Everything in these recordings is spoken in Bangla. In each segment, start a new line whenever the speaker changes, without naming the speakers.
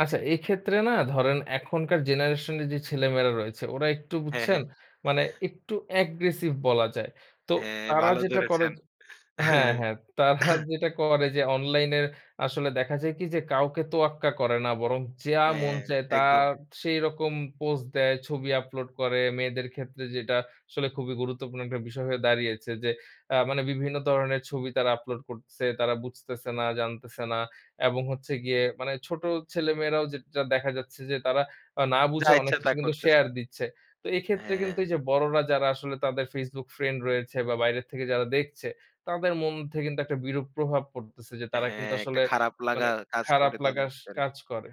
আচ্ছা এক্ষেত্রে না ধরেন এখনকার জেনারেশন এর যে ছেলে-মেয়েরা রয়েছে ওরা একটু
হ্যাঁ,
বুঝছেন?
হ্যাঁ।
মানে একটু অ্যাগ্রেসিভ বলা যায়। তো
হ্যাঁ,
তারা
ভালো
যেটা করে
ধরেছেন।
য হ্যাঁ, হ্যাঁ তারা যেটা করে যে অনলাইনের আসলে দেখা যায় কি যে কাউকে তোয়াক্কা করে না বরং যা মন
হ্যাঁ।
চায় তা
একদম।
সেইরকম পোস্ট দেয়, ছবি আপলোড করে। মেয়েদের ক্ষেত্রে যেটা আসলে খুবই গুরুত্বপূর্ণ একটা বিষয় হয়ে দাঁড়িয়েছে। যে অ্যা মানে বিভিন্ন ধরনের ছবি তারা আপলোড করছে, তারা বুঝতেছে না, জানতেছে না। এবং হচ্ছে গিয়ে মানে ছোট ছেলে-মেয়েরাও যে যেটা দেখা যাচ্ছে যে তারা আ না
যা
বুঝে অনেক
ইচ্ছা তা
কিছু কিন্তু
করতেছে।
শেয়ার দিচ্ছে। তো এক্ষেত্রে কিন্তু
হ্যাঁ।
এইযে বড়রা যারা আসলে তাদের Facebook ফ্রেন্ড রয়েছে বা বাইরে থেকে যারা দেখছে, তাদের মন থেকে কিন্তু একটা বিরূপ প্রভাব পড়তেছে যে তারা কিন্তু
হ্যাঁ, একটা
আসলে
খারাপ লাগা
মানে
কাজ
খারাপ
করে তাদের
লাগার স
ভিতরে।
কাজ করে।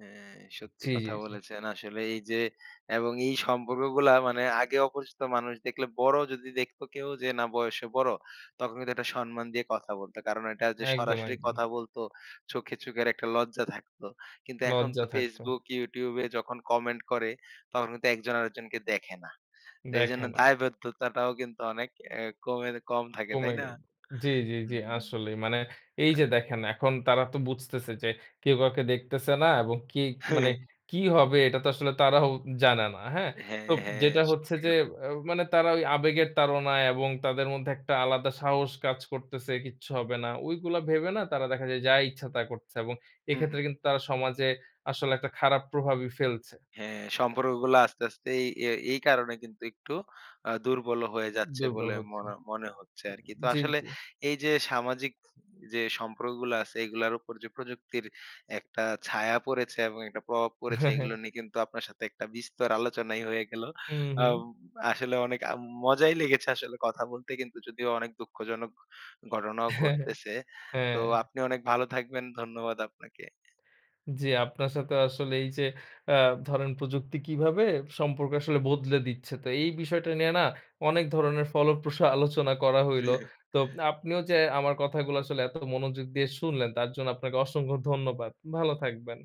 হ্যাঁ, সত্যি
জি, জি,
কথা
জি।
বলেছেন। আসলে এইযে এবং এই সম্পর্কগুলা মানে আগে অপরিচিত মানুষ দেখলে বড় যদি দেখতো কেউ যে না বয়সে বড়, তখন কিন্তু একটা সম্মান দিয়ে কথা বলতো। কারণ এটা যে
একদম,
সরাসরি
একদম।
কথা বলতো, চোখে চোখের একটা লজ্জা থাকত। কিন্তু এখন তো
লজ্জা থাকত।
Facebook, YouTube-এ যখন কমেন্ট করে, তখন কিন্তু একজন আরেকজনকে দেখে না। তো
দেখে
এজন্য
না।
দায়বদ্ধতাটাও কিন্তু অনেক এ কমের কম থাকে।
কমে
তাই না?
গেলো। জি, জি, জি,
উম
আসলেই মানে এইযে
আ
দেখেন এখন তারা তো বুঝতেছে যে কেউ কাউকে দেখতেছে না এবং কে কি মানে কি হবে এটা তো আসলে তারাও জানে না। হ্যাঁ? তো
হ্যাঁ, হ্যাঁ,
যেটা হচ্ছে
সত্যি
যে
কথা।
এও মানে তারা ওই আবেগের তাড়নায় এবং তাদের মধ্যে একটা আলাদা সাহস কাজ করতেছে কিচ্ছু হবে না। ঐগুলা ভেবে না তারা দেখা যায় যা ইচ্ছা তা করছে এবং
হুম, হুম।
এক্ষেত্রে কিন্তু তারা সমাজে আসলে একটা খারাপ প্রভাবই ফেলছে।
হ্যাঁ, সম্পর্কগুলা আস্তে, আস্তে এই এই এই কারণে কিন্তু একটু অ্যা দুর্বল হয়ে যাচ্ছে
দুর্বল
বলে
হচ্ছে।
মনে মনে হচ্ছে আরকি। তো
জি,
আসলে
জি।
এইযে সামাজিক যে সম্পর্কগুলা আছে এগুলার উপর যে প্রযুক্তির একটা ছায়া পড়েছে এবং একটা প্রভাব পড়েছে এগুলো নিয়ে কিন্তু আপনার সাথে একটা বিস্তর আলোচনাই হয়ে গেলো।
হুম, হুম।
অ্যাম আসলে অনেক আ মজাই লেগেছে আসলে কথা বলতে কিন্তু যদিও অনেক দুঃখজনক ঘটনাও ঘটতেছে। তো
হ্যাঁ।
আপনি অনেক ভালো থাকবেন। ধন্যবাদ আপনাকে।
জি আপনার সাথে আসলে এইযে অ্যা ধরেন প্রযুক্তি কিভাবে সম্পর্ক আসলে বদলে দিচ্ছে, তো এই বিষয়টা নিয়ে না অনেক ধরনের ফলপ্রসু আলোচনা করা হইল। তো আপনিও যে আমার কথাগুলো আসলে এত মনোযোগ দিয়ে শুনলেন তার জন্য আপনাকে অসংখ্য ধন্যবাদ। ভালো থাকবেন।